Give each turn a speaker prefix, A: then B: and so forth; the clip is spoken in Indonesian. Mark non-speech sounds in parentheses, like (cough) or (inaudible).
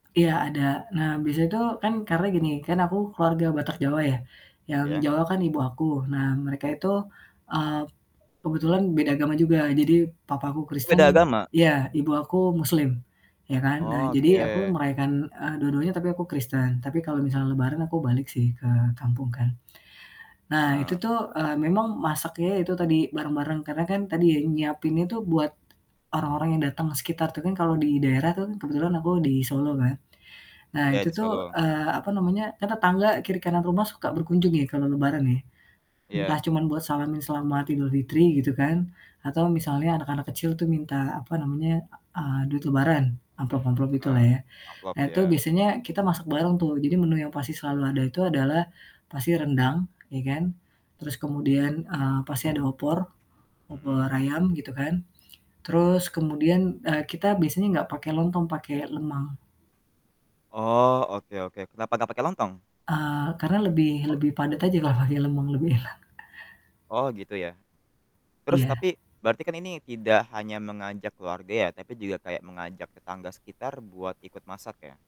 A: Iya, ada. Nah biasanya tuh kan karena gini, kan aku keluarga Batak Jawa ya, yang
B: Iya.
A: Jawa kan ibu aku. Nah mereka itu, eee, kebetulan beda agama juga, jadi papa aku Kristen
B: Beda agama?
A: iya. Ibu aku Muslim ya kan. Nah, jadi aku
B: Oke.
A: merayakan, eee, dua-duanya, tapi aku Kristen, tapi kalau misalnya lebaran aku balik sih ke kampung kan. Nah itu
B: Heeh.
A: tuh, eee, memang masaknya ya itu tadi bareng-bareng karena kan tadi ya, nyiapinnya itu buat orang-orang yang datang sekitar tuh kan kalau di daerah tuh kan, kebetulan aku di Solo kan, nah
B: Iya,
A: itu
B: di
A: tuh,
B: Solo.
A: eee, apa namanya, kan tetangga kiri kanan rumah suka berkunjung ya kalau Lebaran ya. Entah
B: Iya.
A: cuman buat salamin selamat Idulfitri gitu kan, atau misalnya anak-anak kecil tuh minta, apa namanya, e eee, duit lebaran amplop amplop gitulah
B: Heeh.
A: ya.
B: Amplop,
A: Nah itu
B: iya.
A: biasanya kita masak bareng tuh, jadi menu yang pasti selalu ada itu adalah pasti rendang, ya kan, terus kemudian, eee, pasti ada opor,
B: Mhm.
A: opor ayam gitu kan, terus kemudian, eee, kita biasanya enggak pake lontong, pake lemang.
B: Oh, oke oke. Kenapa gak pake lontong?
A: Eee, karena lebih lebih padat aja kalau pake lemang, lebih enak. (chuckles)
B: Oh, gitu ya. Terus
A: Iya.
B: tapi berarti kan ini tidak hanya mengajak keluarga ya, tapi juga kayak mengajak tetangga sekitar buat ikut masak ya?